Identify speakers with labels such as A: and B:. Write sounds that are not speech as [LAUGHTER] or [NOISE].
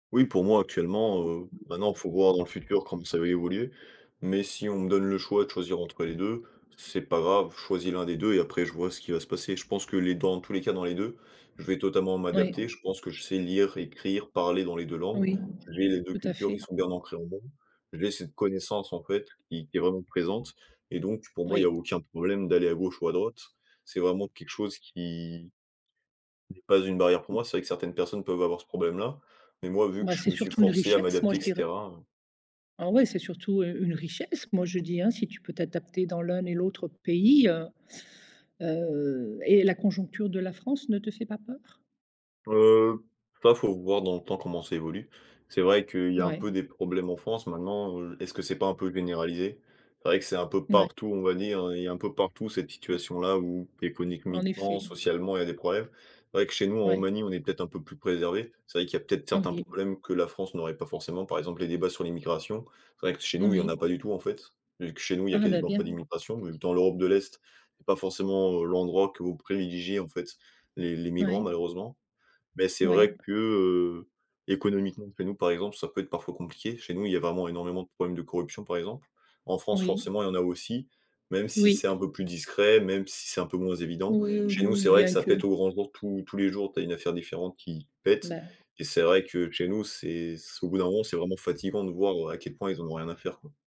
A: Oui, pour moi, actuellement, heu maintenant, faut voir dans le futur comme ça va évoluer,
B: [UNINTELLIGIBLE]
A: mais si on me donne le choix de choisir entre les 2, c'est pas grave, je choisis l'1 des 2 et après, je vois ce qui va se passer. Je pense que les 2 en tous les cas, dans les 2, je vais totalement m'adapter.
B: Oui.
A: Je pense que je sais lire, écrire, parler dans les 2 langues.
B: Oui,
A: Je lie les 2
B: tout à
A: cultures
B: fait.
A: qui sont bien ancrées en moi, j'ai cette connaissance, en fait, qui qui est vraiment présente et donc pour moi, il y
B: Oui.
A: aucun problème d'aller à gauche ou à droite. C'est vraiment quelque chose qui n'est pas une barrière pour
B: Mmh.
A: moi. C'est vrai que certaines personnes peuvent avoir ce problème-là, mais moi, vu que
B: Bah,
A: je
B: c'est
A: me suis
B: surtout une
A: forcé à
B: richesse, moi,
A: m'adapter
B: je
A: et
B: dirais.
A: cetera, heu
B: Oh ouais, c'est surtout u une richesse, moi je dis, hein. Si tu peux t'adapter dans l'un et l'autre pays, heu heu et la conjoncture de la France ne te fait pas peur?
A: Heu, ça, faut voir dans le temps comment ça évolue. C'est vrai qu'il y a un
B: Ouais.
A: peu des problèmes en France maintenant, heu, est-ce que c'est pas un peu généralisé? C'est vrai que c'est un peu
B: N ouais.
A: partout, on va dire. Il y a un peu partout cette
B: Mmh.
A: situation-là, où,
B: En
A: économiquement,
B: effet.
A: socialement, il y a des problèmes. C'est vrai que chez nous, en
B: Ouais.
A: Roumanie, on est peut-être un peu plus préservés. C'est vrai qu'il y peut-être certains
B: Oui.
A: problèmes que la France n'aurait pas forcément, par exemple, les débats sur l'immigration. C'est vrai que chez nous, il n'y en
B: Oui.
A: a pas du tout, en fait, vu que chez nous, il y a
B: Hein, bah,
A: quasiment pas
B: bien!
A: d'immigration. En même temps, l'Europe de l'Est est pas forcément l'endroit que vont privilégier, en fait, les les migrants,
B: Ouais.
A: malheureusement. Mais c'est
B: Ouais.
A: vrai que, heu, économiquement, chez nous, par exemple, ça peut être parfois compliqué. Chez nous, il y vraiment énormément de problèmes de corruption, par exemple. En France,
B: Oui.
A: forcément, il y en a aussi, même si c'est
B: Oui.
A: un peu plus discret, même si c'est un peu moins évident.
B: Oui,
A: Chez nous,
B: oui,
A: c'est vrai que
B: bien
A: ça
B: que
A: pète au grand jour. Tous tous les jours, tu as une affaire différente qui pète
B: Bah
A: et c'est vrai que chez nous, c'est s au bout d'un moment, c'est vraiment fatiguant de voir, heu, à quel point, ils en ont rien à faire, quoi.